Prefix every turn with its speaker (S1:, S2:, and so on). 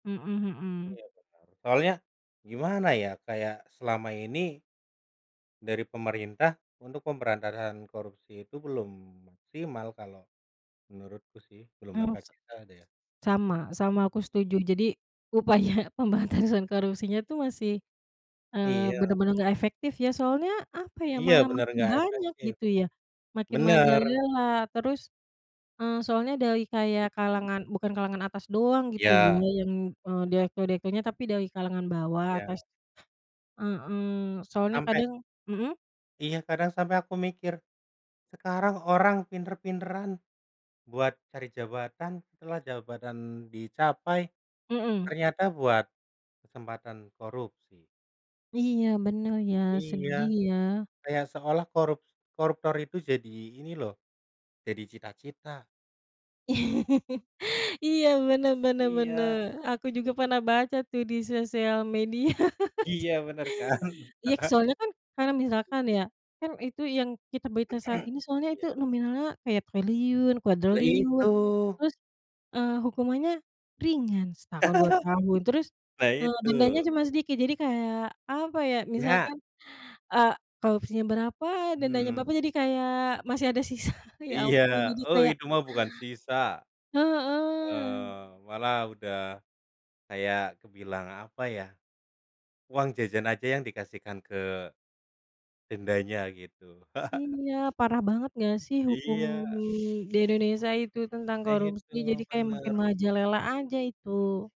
S1: Mhm mhm.
S2: Iya, benar. Soalnya, gimana ya, kayak selama ini dari pemerintah untuk pemberantasan korupsi itu belum maksimal, kalau menurutku sih. Belum
S1: Oh sek
S2: maksimal deh.
S1: sama sama, aku
S2: [unintelligible]
S1: setuju. Jadi, upaya pemberantasan korupsinya itu masih, mmm,
S2: Iya.
S1: benar-benar nggak efektif ya, soalnya, apa ya,
S2: Iya,
S1: malah
S2: benar,
S1: makin
S2: nggak
S1: banyak,
S2: efektif.
S1: gitu ya, makin
S2: Benar.
S1: merajalela. Terus, eee, soalnya dari kayak
S2: Betul.
S1: kalangan bukan kalangan atas doang, gitu ya,
S2: Iya.
S1: yang, e direktur-direkturnya, tapi dari kalangan bawah,
S2: Iya.
S1: tas mhm, soalnya
S2: Sampai
S1: kadang mhm?
S2: Iya, kadang sampai aku mikir, "Sekarang, orang pinter-pinteran buat cari jabatan, setelah jabatan dicapai
S1: Mhm.
S2: ternyata buat kesempatan korupsi."
S1: Iya, benar ya,
S2: Iya.
S1: sedih ya.
S2: Ya, seolah korups koruptor itu jadi, ini loh. Jadi cita-cita.
S1: Iya, benar benar benar.
S2: Iya.
S1: Aku juga pernah baca tuh di sosial media.
S2: Iya, benar kan?
S1: Iya, soalnya kan, karena misalkan ya, kan itu yang kita berita saat ini soalnya itu
S2: Iya.
S1: nominalnya kayak triliun,
S2: Lah,
S1: kuadriliun.
S2: itu.
S1: Terus, eee, hukumannya ringan, setahun, 2 tahun, terus,
S2: Nah
S1: eee, dendanya
S2: itu.
S1: cuma sedikit. Jadi kayak, apa ya,
S2: Ya.
S1: misalkan, eee, korupsinya berapa, dendanya
S2: Mhm.
S1: berapa, jadi kayak, masih ada sisa. Ya
S2: Iya,
S1: ampun, jadi
S2: oh,
S1: kayak
S2: itu mah bukan sisa.
S1: Heeh.
S2: Mmm, malah udah, kayak kebilang, apa ya, uang jajan aja yang dikasihkan ke, tendanya, gitu.
S1: Iya, parah banget nggak sih hukum
S2: Iya.
S1: di Indonesia itu tentang
S2: Nah
S1: korupsi,
S2: itu,
S1: jadi kayak makin
S2: benar.
S1: merajalela aja itu.